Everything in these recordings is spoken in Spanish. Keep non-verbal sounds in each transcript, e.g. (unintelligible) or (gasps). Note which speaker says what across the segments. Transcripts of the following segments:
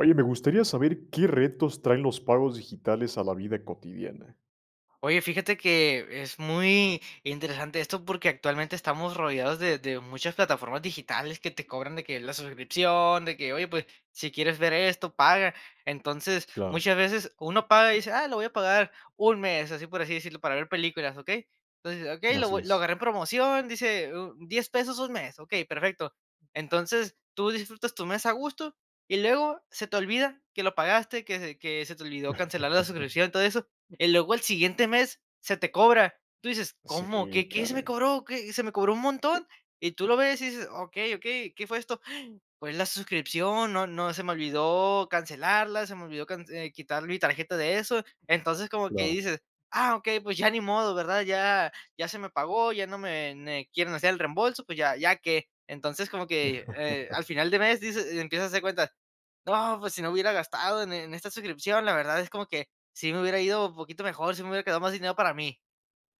Speaker 1: Oye me gustaría saber, ¿qué retos traen los pagos digitales a la vida cotidiana?
Speaker 2: Oye, fíjate que es muy interesante esto porque actualmente estamos rodeados de de muchas plataformas digitales que te cobran de que la suscripción, de que: "Oye, pues, si quieres ver esto, paga". Entonces,
Speaker 1: Claro.
Speaker 2: muchas veces uno paga y dice: "Ah, lo voy a pagar, un mes", así por así decirlo, para ver películas, ¿okey? Entonces, okey, lo
Speaker 1: Así
Speaker 2: (unintelligible) lo
Speaker 1: es.
Speaker 2: agarré en promoción, dice $10 pesos un mes. Ok, perfecto. Entonces, tú disfrutas tu mes a gusto y luego se te olvida que lo pagaste que se que se te olvidó cancelar la
Speaker 1: (chuckles)
Speaker 2: suscripción, todo eso, y luego al siguiente mes se te cobra, tú dices:
Speaker 1: Sí,
Speaker 2: "¿Cómo? ¿Qué qué se me
Speaker 1: caray.
Speaker 2: cobró? ¿Qué? Se me cobró un montón", y tú lo ves y dices: "Okey, okey, ¿qué fue esto?". (gasps) Fue la suscripción no no se me olvidó cancelarla, se me olvidó cance eh quitar mi tarjeta de eso. Entonces, como que
Speaker 1: ,claro.
Speaker 2: dices: "Ah, ok, pues ya ni modo, ¿verdad? Ya ya se me pagó ya no me ne quieren hacer el reembolso, pues ya, ¿ya qué? Entonces, como que, eh, al
Speaker 1: (chuckles)
Speaker 2: final de mes dices y empiezas a hacer cuentas, ¡no!, pues si no hubiera gastado en en esta suscripción, la verdad es como que, sí me hubiera ido un poquito mejor si me hubiera quedado más dinero para mí.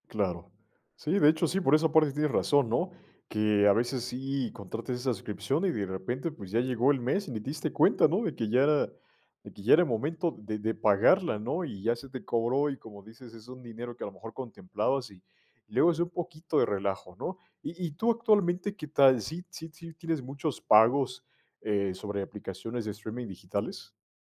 Speaker 1: Claro. Sí, de hecho, sí, por esa parte tienes razón ¿no? Que a veces sí, contrates esa suscripción, y de repente, pues, ya llegó el mes y ni diste cuenta ¿no? De que ya de que ya era el momento de de pagarla ¿no? Y ya se te cobró y, como dices, es un dinero que a lo mejor contemplabas, y y luego es un poquito de relajo ¿no? Y y tú actualmente, ¿qué tal? ¿Sí sí sí tienes muchos pagos, eh, sobre aplicaciones de streaming digitales?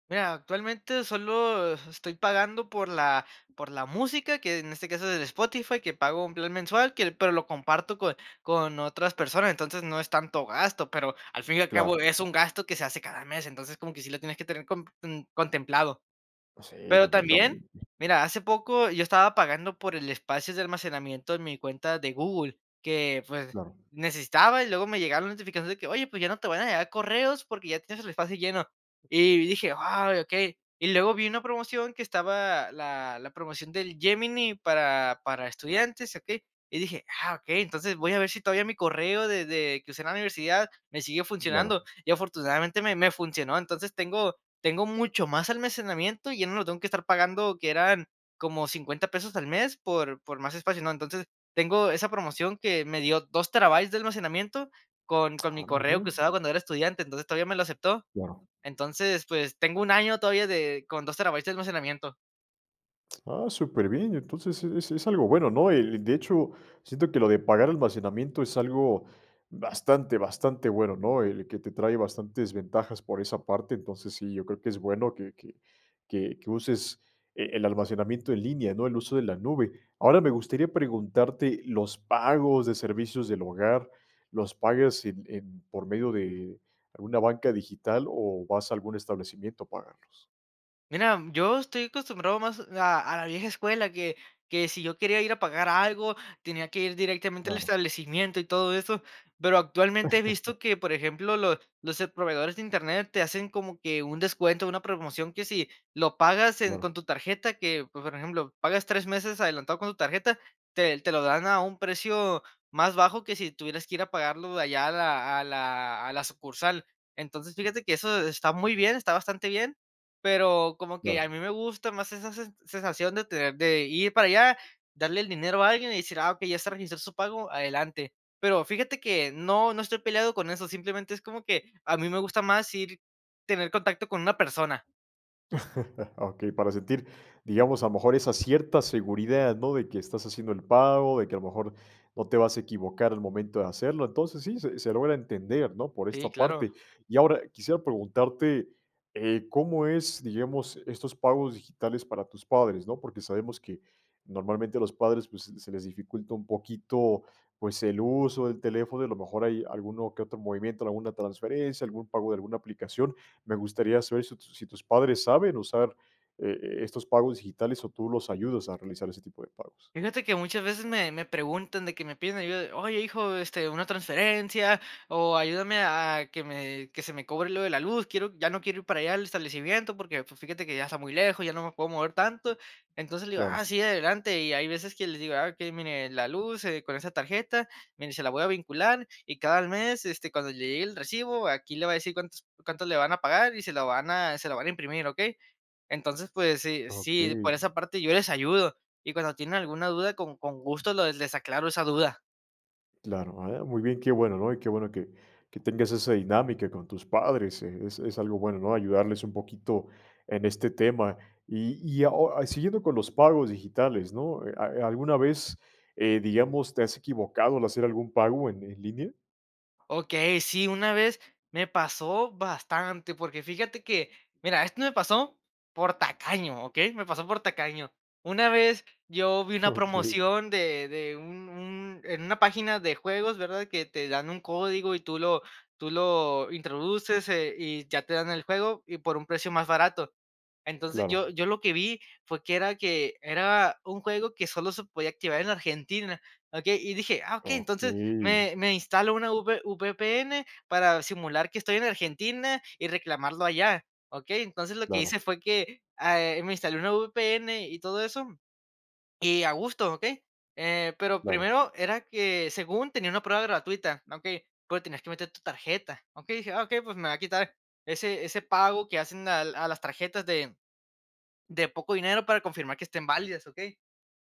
Speaker 2: Mira, actualmente solo estoy pagando por la por la música, que en este caso es el Spotify, que pago un plan mensual, que pero lo comparto con con otras personas. Entonces, no es tanto gasto, pero al fin y al cabo
Speaker 1: Claro.
Speaker 2: es un gasto que se hace cada mes. Entonces, como que sí lo tienes que tener com ten contemplado.
Speaker 1: Si,
Speaker 2: Pero también,
Speaker 1: completamente.
Speaker 2: mira, hace poco yo estaba pagando por el espacio de almacenamiento en mi cuenta de Google, que, pues,
Speaker 1: Claro.
Speaker 2: necesitaba y luego me llegaron las notificaciones de que, oye, pues, ya no te van a llegar correos porque ya tienes el espacio lleno. Y dije: "Ay, okey". Y luego vi una promoción que estaba la la promoción del Gemini para para estudiantes, ¿okey? Y dije: "Ah, okey". Entonces, voy a ver si todavía mi correo de de que usé en la universidad me sigue
Speaker 1: Claro.
Speaker 2: funcionando. Y afortunadamente me me funcionó. Entonces, tengo tengo mucho más almacenamiento y ya no lo tengo que estar pagando que eran como 50 pesos al mes por por más espacio, ¿no? Entonces tengo esa promoción que me dio 2 terabytes de almacenamiento con con mi
Speaker 1: Ah,
Speaker 2: correo
Speaker 1: mira.
Speaker 2: que usaba cuando era estudiante, entonces todavía me lo aceptó.
Speaker 1: Claro
Speaker 2: Entonces, pues tengo un año todavía de con 2 terabytes de almacenamiento.
Speaker 1: Ah, superbién. Entonces, es es algo bueno, ¿no?, eh, de hecho, siento que lo de pagar almacenamiento es algo bastante, bastante bueno, ¿no?, el que te trae bastantes ventajas por esa parte. Entonces, sí, yo creo que es bueno, que que que que uses e el almacenamiento en línea, ¿no?, el uso de la nube. Ahora me gustaría preguntarte, ¿los pagos de servicios del hogar, los pagas en en por medio de alguna banca digital o vas a algún establecimiento a pagarlos?
Speaker 2: Mira, yo estoy acostumbrado más a a la vieja escuela, que que sí yo quería ir a pagar algo, tenía que ir directamente al
Speaker 1: Claro.
Speaker 2: establecimiento y todo eso, pero, actualmente he
Speaker 1: (chuckles)
Speaker 2: visto que, por ejemplo, lo los, eh, proveedores de Internet te hacen como que un descuento, una promoción que si lo pagas en
Speaker 1: Claro.
Speaker 2: con tu tarjeta, que, pues, por ejemplo, pagas 3 meses adelantado con tu tarjeta, te te lo dan a un precio más bajo que si tuvieras que ir a pagarlo allá a la a la a la sucursal. Entonces, fíjate que, eso está muy bien, está bastante bien, pero, como que a
Speaker 1: Claro.
Speaker 2: mí me gusta más esa sen sensación de tener, de ir para allá, darle el dinero a alguien y decir: "Ah, okey, ya está registrado su pago, adelante". Pero, fíjate que no, no estoy peleado con eso, simplemente, es como que a mí me gusta más ir tener contacto con una persona.
Speaker 1: (laughs) Okey, para sentir, digamos, a lo mejor esa cierta seguridad, ¿no? de que estás haciendo el pago, de que a lo mejor, no te vas a equivocar al momento de hacerlo. Entonces, sí, se se logra entender, ¿no?, por esta
Speaker 2: Sí, claro.
Speaker 1: parte. Y ahora quisiera preguntarte, eh, ¿cómo es, digamos, estos pagos digitales para tus padres, no?, porque sabemos que, normalmente, a los padres, pues, se les dificulta un poquito, pues, el uso del teléfono, y a lo mejor, hay alguno que otro movimiento, alguna transferencia, algún pago de alguna aplicación. Me gustaría saber, ¿si tus si tus padres saben usar, eh, estos pagos digitales, o tú los ayudas a realizar ese tipo de pagos?
Speaker 2: Fíjate que, muchas veces me me preguntan de que me piden ayuda, "Oye, hijo, este, una transferencia" o "Ayúdame a a que me que se me cobre lo de la luz, quiero ya no quiero ir para allá al establecimiento, porque pues, fíjate que, ya está muy lejos, ya no me puedo mover tanto". Entonces, le digo: "Ah,
Speaker 1: Claro.
Speaker 2: sí, adelante", y hay veces que les digo: "Ah, okey, mire, la luz, eh, con esa tarjeta, mire, se la voy a vincular, y cada al mes, este, cuando le llegue el recibo, aquí le va a decir cuántos cuánto le van a pagar, y se lo van a se lo van a imprimir, ¿okey?" Entonces, pues, sí,
Speaker 1: Ah,
Speaker 2: sí, por
Speaker 1: okey.
Speaker 2: esa parte yo les ayudo. Y cuando tienen alguna duda, con con gusto lo les aclaro esa duda.
Speaker 1: Claro, a ver, muy bien, qué bueno, ¿no? Y qué bueno que que tengas esa dinámica con tus padres, eh, es es algo bueno, ¿no? Ayudarles un poquito en este tema. Y y a o siguiendo con los pagos digitales, ¿no?, eh, ¿a alguna vez, eh, digamos, te has equivocado al hacer algún pago en en línea?
Speaker 2: Okey, sí, una vez me pasó bastante. Porque fíjate que, mira, esto me pasó por tacaño, ¿okey? Me pasó por tacaño. Una vez, yo vi una
Speaker 1: Okey.
Speaker 2: promoción de de un un en una página de juegos, ¿verdad? Que te dan un código, y tú lo tú lo introduces, eh, y ya te dan el juego, y por un precio más barato. Entonces, yo
Speaker 1: Claro.
Speaker 2: yo lo que vi fue que era que era un juego que solo se podía activar en Argentina, ¿okey?, y dije: "Ah, okey, entonces
Speaker 1: ¡Okey!
Speaker 2: me me instalo una V VPN para simular que estoy en Argentina, y reclamarlo allá, ¿okey? Entonces, lo que hice
Speaker 1: Claro.
Speaker 2: fue que, ah, eh, me instalé una VPN y todo eso, y a gusto, ¿okey? Eh, pero,
Speaker 1: Claro.
Speaker 2: primero, era que según tenía una prueba gratuita, ¿okey?, pero, tenías que meter tu tarjeta. Okey, dije: "Ah okey, pues, me voy a quitar ese ese pago que hacen al a las tarjetas de de poco dinero para confirmar que estén válidas, ¿okey?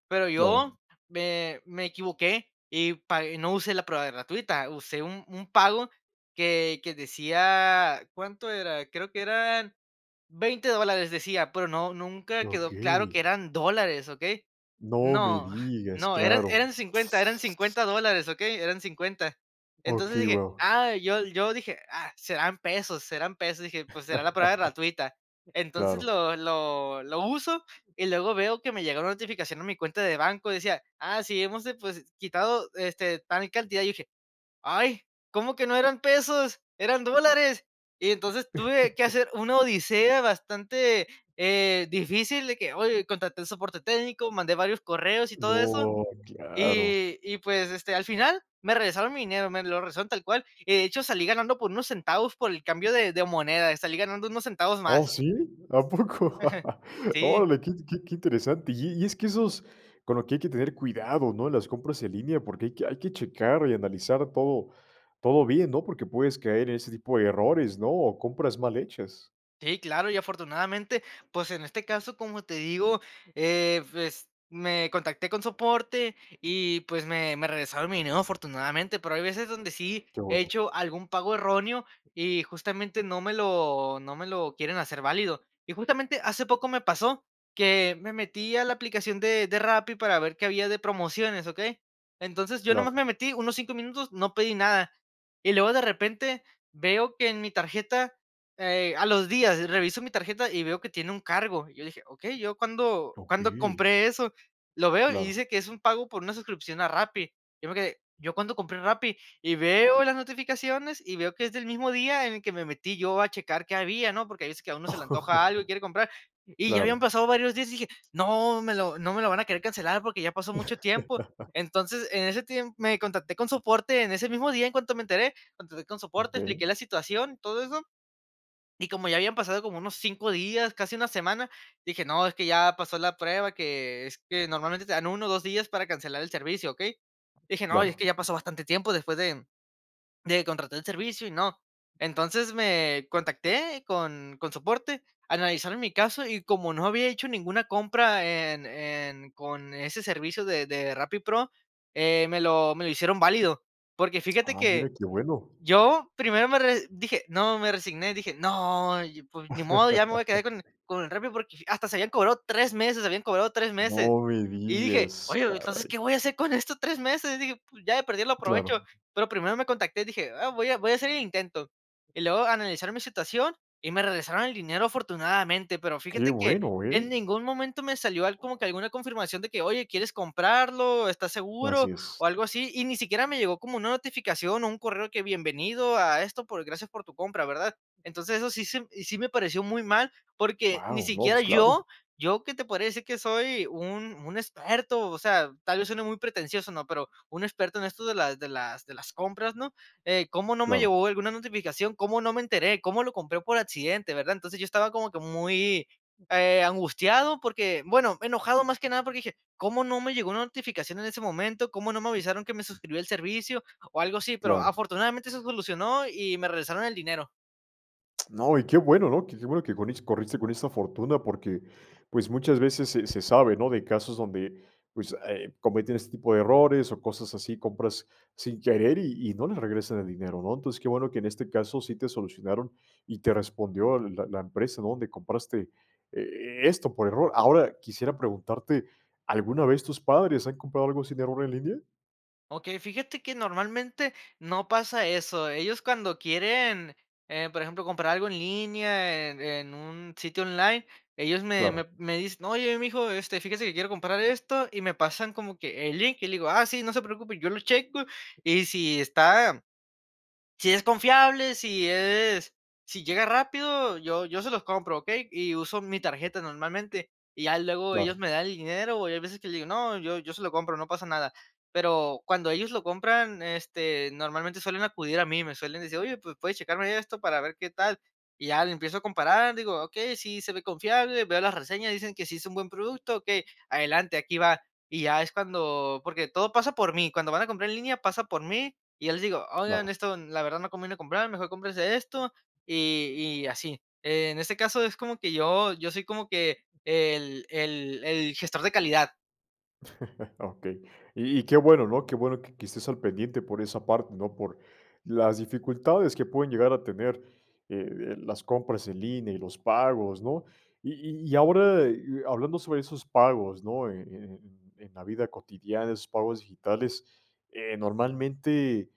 Speaker 2: Pero, yo
Speaker 1: Claro.
Speaker 2: me me equivoqué, y pag y no usé la prueba gratuita, usé un un pago que que decía ¿Cuánto era?, creo que eran: "$20 dólares", decía. Pero no, nunca quedó
Speaker 1: ¡Okey!
Speaker 2: claro que eran dólares, ¿okey?,
Speaker 1: ¡No me
Speaker 2: no, (chuckles)
Speaker 1: digas!,
Speaker 2: no, eran
Speaker 1: claro.
Speaker 2: eran 50, eran $50 dólares, ¿okey?, eran 50. Entonces,
Speaker 1: Okey,
Speaker 2: dije:
Speaker 1: wao.
Speaker 2: "Ah, yo yo", dije: "Ah, serán pesos serán pesos", dije: "Pues, será la prueba
Speaker 1: (laughs)
Speaker 2: gratuita". Entonces,
Speaker 1: Claro.
Speaker 2: lo lo lo uso y luego veo que me llegó una notificación a mi cuenta de banco, decía: "Ah, sí, hemos, depos quitado, este, tal cantidad", y dije: "Ay, ¿cómo que no eran pesos?, eran dólares". Y entonces, tuve que
Speaker 1: (chuckles)
Speaker 2: hacer una odisea bastante, eh, difícil, de que, oye, contraté el soporte técnico, mandé varios correos y todo eso.
Speaker 1: ¡No, claro!
Speaker 2: Y y pues, este, al final me regresaron mi dinero, me lo regresaron, tal cual. Y de hecho salí ganando por unos centavos, por el cambio de de moneda, salí ganando unos centavos
Speaker 1: ¿Oh,
Speaker 2: más.
Speaker 1: sí?, ¿a poco?,
Speaker 2: (chuckles) Sí.
Speaker 1: órale, qué int qué qué interesante. Y y es que esos, con lo que hay que tener cuidado ¿no?, las compras en línea, porque hay que hay que checar y analizar todo todo bien, ¿no? Porque puedes caer en ese tipo de errores, ¿no?, o compras mal hechas.
Speaker 2: Sí, claro, y afortunadamente, pues, en este caso, como te digo, eh, pues, me contacté con soporte y, pues, me me regresaron mi dinero afortunadamente, pero hay veces donde sí
Speaker 1: Qué
Speaker 2: he
Speaker 1: bueno.
Speaker 2: hecho algún pago erróneo y justamente no me lo no me lo quieren hacer válido. Y justamente hace poco me pasó que me metí a la aplicación de de Rappi para ver qué había de promociones, ¿okey? Entonces yo nomás
Speaker 1: Claro.
Speaker 2: me metí unos 5 minutos, no pedí nada. Y luego de repente veo que en mi tarjeta, eh, a los días reviso mi tarjeta y veo que tiene un cargo. Y yo dije: "Okey, ¿yo cuándo cuándo
Speaker 1: Okey.
Speaker 2: compré eso?", lo veo y
Speaker 1: Claro.
Speaker 2: dice que es un pago por una suscripción a Rappi. Yo me quedé: "¿Yo cuándo compré Rappi?", y veo las notificaciones y veo que es del mismo día en el que me metí yo a checar qué había, ¿no? Porque hay veces que a uno se le antoja algo y quiere comprar.
Speaker 1: (laughs)
Speaker 2: Y ya habían
Speaker 1: Claro.
Speaker 2: pasado varios días y dije: "No me lo no me lo van a querer cancelar porque ya pasó mucho tiempo".
Speaker 1: (laughs)
Speaker 2: Entonces, en ese tiempo, me contacté con soporte en ese mismo día, en cuanto me enteré contacté con soporte,
Speaker 1: Okey.
Speaker 2: expliqué la situación, todo eso. Y como ya habían pasado como unos 5 días, casi una semana, dije: "No, es que ya pasó la prueba", que es que normalmente te dan 1 o 2 días para cancelar el servicio, ¿okey? Dije: "No, y es
Speaker 1: Claro.
Speaker 2: que ya pasó bastante tiempo después de de contratar el servicio y no". Entonces me contacté con con soporte, analizaron mi caso y como no había hecho ninguna compra en en con ese servicio de de Rappi Pro, eh, me lo me lo hicieron válido, porque fíjate
Speaker 1: Ah,
Speaker 2: que, eh,
Speaker 1: mire, qué bueno.
Speaker 2: yo primero me re dije: "No", me resigné y dije: "No y y pues ni modo, ya me voy a quedar
Speaker 1: (laughs)
Speaker 2: con e con el Rappi porque", hasta se habían cobrado 3 meses, habían cobrado 3 meses.
Speaker 1: No me
Speaker 2: Y dije:
Speaker 1: digas,
Speaker 2: "Oye, pero entonces,
Speaker 1: caray.
Speaker 2: ¿qué voy a hacer con esto 3 meses?". Dije: "Pues ya de perder lo aprovecho".
Speaker 1: Claro.
Speaker 2: Pero primero me contacté, dije: "Ah, voy a voy a hacer el intento". Y luego analizaron mi situación y me regresaron el dinero afortunadamente, pero
Speaker 1: Qué
Speaker 2: fíjate que
Speaker 1: bueno, ¿eh?
Speaker 2: en ningún momento me salió al como que alguna confirmación de que: "Oye, ¿quieres comprarlo?, ¿estás
Speaker 1: Así
Speaker 2: seguro?", o
Speaker 1: es.
Speaker 2: algo así, y ni siquiera me llegó como una notificación o un correo que: "Bienvenido a esto, por gracias por tu compra", ¿verdad? Entonces eso sí se m y sí me pareció muy mal, porque ni
Speaker 1: Guau, no,
Speaker 2: siquiera
Speaker 1: pues claro.
Speaker 2: yo, yo que te podría decir que soy un un experto, o sea, tal vez suene muy pretencioso, ¿no? Pero un experto en esto de las de las de las compras, ¿no?, eh, cómo no me
Speaker 1: Claro.
Speaker 2: llegó alguna notificación, cómo no me enteré, cómo lo compré por accidente, ¿verdad? Entonces yo estaba como que muy, eh, angustiado porque, bueno, enojado más que nada porque dije: "¿Cómo no me llegó la notificación en ese momento? ¿Cómo no me avisaron que me suscribió el servicio?", o algo así, pero
Speaker 1: Claro.
Speaker 2: afortunadamente se solucionó y me regresaron el dinero.
Speaker 1: No, y qué bueno, ¿no?, qué qué bueno que conis corriste con esta fortuna. Porque, pues, muchas veces se se sabe, ¿no?, de casos donde, pues, eh, cometen este tipo de errores o cosas así. Compras sin querer, y y no le regresan el dinero, ¿no? Entonces, qué bueno que en este caso, sí te solucionaron, y te respondió la la empresa, ¿no?, donde compraste e esto por error. Ahora, quisiera preguntarte, ¿alguna vez tus padres han comprado algo sin error en línea?
Speaker 2: Okey, fíjate que normalmente, no pasa eso. Ellos cuando quieren, eh, por ejemplo, comprar algo en línea, en en un sitio online, ellos me me
Speaker 1: Claro.
Speaker 2: me dicen: "Oye, mijo, este, fíjese que, quiero comprar esto" y me pasan como que el link, y le digo: "Ah, sí, no se preocupe, yo lo checo, y si está si es confiable, si es, si llega rápido, yo yo se los compro", ¿okey?, y uso mi tarjeta normalmente. Y ya luego
Speaker 1: Claro.
Speaker 2: ellos me dan el dinero, o hay veces que le digo: "No, yo yo se lo compro no pasa nada". Pero cuando ellos lo compran, este, normalmente suelen acudir a mí, me suelen decir: "Oye, pues, ¿puedes checarme esto para ver qué tal?", y ya le empiezo a comparar, digo: "Okey, sí, se ve confiable, veo las reseñas, dicen que sí es un buen producto, okey, adelante, aquí va". Y ya es cuando porque todo pasa por mí. Cuando van a comprar en línea, pasa por mí, y yo les digo: "Oigan,
Speaker 1: Claro.
Speaker 2: esto, la verdad no conviene comprar, mejor cómprense esto y y así". En este caso, es como que yo yo soy como que, el el el gestor de calidad.
Speaker 1: (chuckles) Okey, y y qué bueno, ¿no?, qué bueno que que estés al pendiente por esa parte, ¿no?, por las dificultades que pueden llegar a tener, eh eh, las compras en línea y los pagos, ¿no?, y y-y ahora, eh, y hablando sobre esos pagos, ¿no?, en en en la vida cotidiana, esos pagos digitales, eh, normalmente,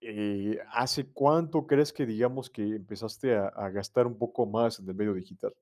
Speaker 1: eh, ¿hace cuánto crees que digamos que empezaste a a gastar un poco más en el medio digital?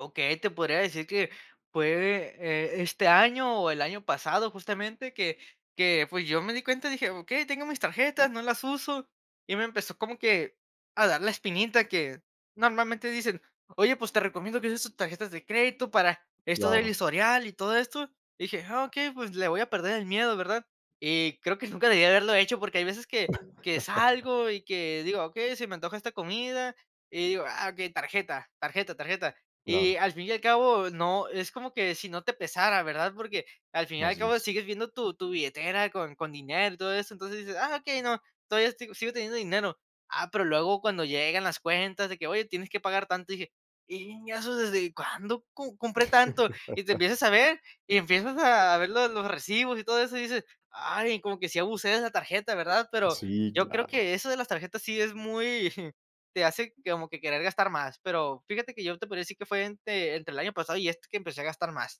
Speaker 2: Okey, te podría decir que fue de e este año, o el año pasado justamente, que que, pues, yo me di cuenta y dije: "Okey, tengo mis tarjetas, no las uso", y me empezó como que, a dar la espinita que normalmente, dicen: "Oye, pues te recomiendo que uses tus tarjetas de crédito para esto del
Speaker 1: Claro.
Speaker 2: historial y todo esto", dije: "Ah, okey pues, le voy a perder el miedo", ¿verdad?, y creo que nunca debí haberlo hecho porque hay veces que que
Speaker 1: (laughs)
Speaker 2: salgo y que digo: "Okey, se me antoja esta comida" y digo: "Ah, okey, tarjeta, tarjeta, tarjeta". Y
Speaker 1: Claro.
Speaker 2: al fin y al cabo, no, es como que si no te pesara, ¿verdad?, porque al fin y al
Speaker 1: Así
Speaker 2: cabo,
Speaker 1: es.
Speaker 2: sigues viendo tu tu billetera con con dinero y todo eso. Entonces dices: "Ah, okey, no. Todavía estoy sigo teniendo dinero". Ah, pero luego cuando llegan las cuentas de que: "Oye, tienes que pagar tanto y dije (unintelligible) y, ¿eso desde cuándo com compré tanto?", y te
Speaker 1: (laughs)
Speaker 2: empiezas a ver y empiezas a ver lo los recibos y todo eso, y dices: "Ay, como que sí abusé de la tarjeta", ¿verdad?, pero,
Speaker 1: Sí,
Speaker 2: yo creo que
Speaker 1: claro.
Speaker 2: eso de las tarjetas, sí es muy, jum, te hace como que querer gastar más, pero fíjate que, yo te podría decir que fue entre entre el año pasado y este que empecé a gastar más.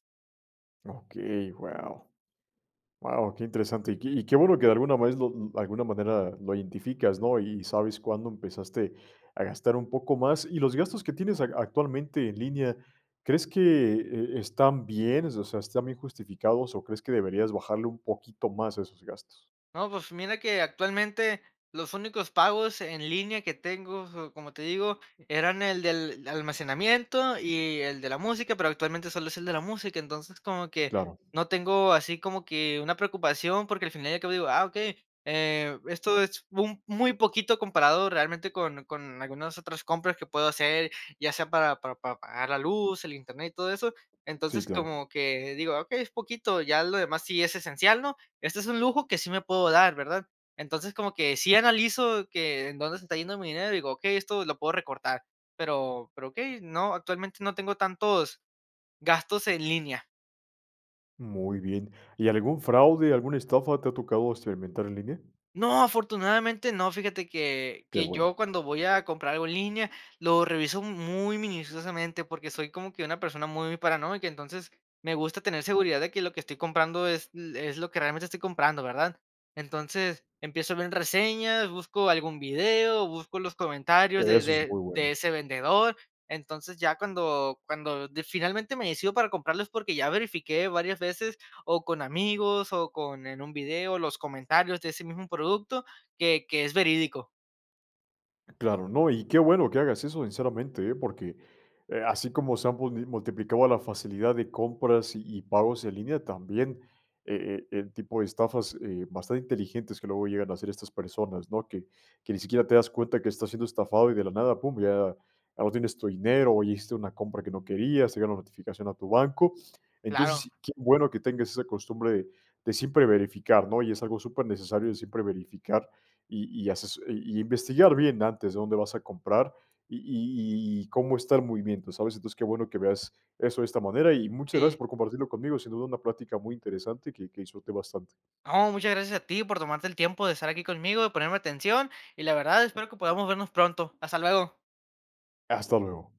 Speaker 1: Okey, guau, guau, qué interesante. Y que y que bueno, que de alguna vez, lo alguna manera lo identificas, ¿no?, y sabes cuándo empezaste a gastar un poco más. Y los gastos que tienes ac actualmente en línea, ¿crees que, eh, están bien, o sea, están bien justificados o crees que deberías bajarle un poquito más a esos gastos?
Speaker 2: No, pues, mira que actualmente, los únicos pagos en línea que tengo, so como te digo, eran el del almacenamiento, y el de la música, pero, actualmente, sólo es el de la música. Entonces, como que
Speaker 1: Claro.
Speaker 2: no tengo así como que una preocupación porque al final y al cabo, digo: "Ah, okey, eh, esto es un muy poquito comparado, realmente, con con algunas otras compras que puedo hacer, ya sea para para para pagar la luz, el internet y todo eso".
Speaker 1: Sí,
Speaker 2: Entonces,
Speaker 1: claro.
Speaker 2: como que digo: "Okey, es poquito, ya lo demás sí es esencial, ¿no?, este es un lujo que sí me puedo dar, ¿verdad?". Entonces, como que sí analizo que en dónde se está yendo mi dinero, y digo: "Okey, esto lo puedo recortar", pero pero, okey, no, actualmente, no tengo tantos gastos en línea.
Speaker 1: Muy bien, ¿y algún fraude, alguna estafa te ha tocado experimentar en línea?
Speaker 2: ¡No!, afortunadamente no, fíjate que
Speaker 1: Qué
Speaker 2: que
Speaker 1: bueno.
Speaker 2: yo cuando voy a comprar algo en línea, lo reviso muy minuciosamente, porque soy como que una persona muy paranoica, entonces, me gusta tener seguridad de que lo que estoy comprando, es lo es lo que realmente estoy comprando, ¿verdad?, entonces, empiezo a ver reseñas, busco algún video, busco los comentarios de
Speaker 1: Eso es
Speaker 2: de
Speaker 1: muy
Speaker 2: de
Speaker 1: bueno.
Speaker 2: ese vendedor. Entonces, ya cuando cuando de finalmente me decido para comprarlo, es porque ya verifiqué varias veces o con amigos, o con en un video los comentarios de ese mismo producto, que que es verídico.
Speaker 1: Claro, no, y qué bueno que hagas eso, sinceramente, eh, porque, eh, así como se han mulni multiplicado la facilidad de compras y y pagos en línea, también, eh, eh, el tipo de estafas, eh, bastante inteligentes que luego llegan a hacer estas personas, ¿no?, que que ni siquiera te das cuenta que estás siendo estafado, y de la nada, pum, ya ya no tienes tu dinero o hiciste una compra que no querías, te llega una notificación a tu banco.
Speaker 2: Claro.
Speaker 1: Entonces, qué bueno, que tengas esa costumbre de de siempre verificar, ¿no?, y es algo supernecesario de siempre verificar y y haces, y investigar bien antes de dónde vas a comprar, y y y y cómo estar el movimiento, ¿sabes? Entonces, qué bueno que veas eso de esta manera, y muchas gracias
Speaker 2: Sí.
Speaker 1: por compartirlo conmigo, sin duda, una plática muy interesante, que que disfruté bastante.
Speaker 2: No, muchas gracias a ti por tomarte el tiempo de estar aquí conmigo, de ponerme atención, y la verdad espero que podamos vernos pronto. Hasta luego.
Speaker 1: Hasta luego.